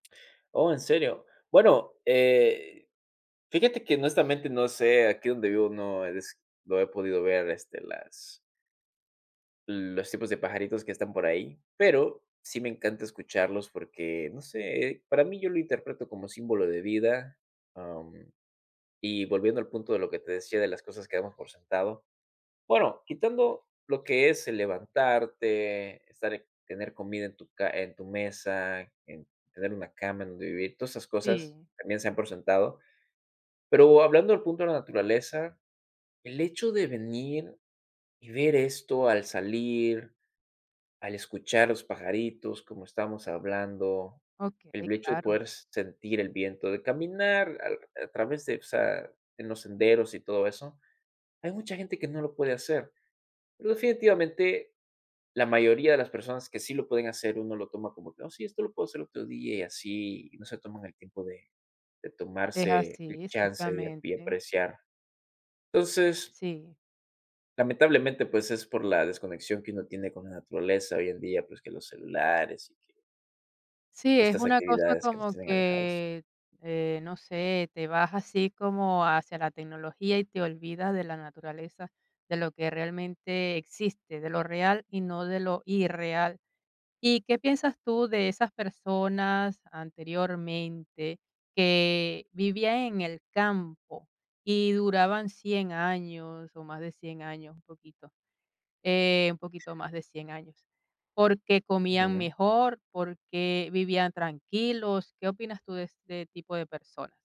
Oh, ¿en serio? Bueno, eh, fíjate que honestamente no sé, aquí donde vivo no es no he podido ver, este, las los tipos de pajaritos que están por ahí, pero sí me encanta escucharlos porque, no sé, para mí yo lo interpreto como símbolo de vida, am, y volviendo al punto de lo que te decía de las cosas que damos por sentado, bueno, quitando lo que es el levantarte, estar tener comida en tu ca en tu mesa, en tener una cama en donde vivir, todas esas cosas Sí. también se dan por sentado. Pero hablando del punto de la naturaleza, el hecho de venir y ver esto al salir, al escuchar los pajaritos, como estamos hablando, Okey, el hecho de claro. poder sentir el viento, de caminar al a través de, o sea, en los senderos y todo eso, hay mucha gente que no lo puede hacer. Pero, definitivamente, la mayoría de las personas que sí lo pueden hacer, uno lo toma como que: "Oh, sí, esto lo puedo hacer otro día", y así, y no se toman el tiempo de de Es tomarse el así, chance, de a pie exactamente. apreciar. Entonces Sí. lamentablemente, pues, es por la desconexión que uno tiene con la naturaleza hoy en día, pues, que los celulares y que Sí, todas es estas una cosa actividades que nos como tienen alejados. que, eh, no sé, te vas así como hacia la tecnología y te olvidas de la naturaleza, de lo que realmente existe, de lo real y no de lo irreal. ¿Y qué piensas tú de esas personas anteriormente que vivían en el campo y duraban 100 años o más de 100 años, un poquito?, eh, un poquito más de 100 años, porque comían Ujú. mejor, porque vivían tranquilos. ¿Qué opinas tú de este tipo de personas?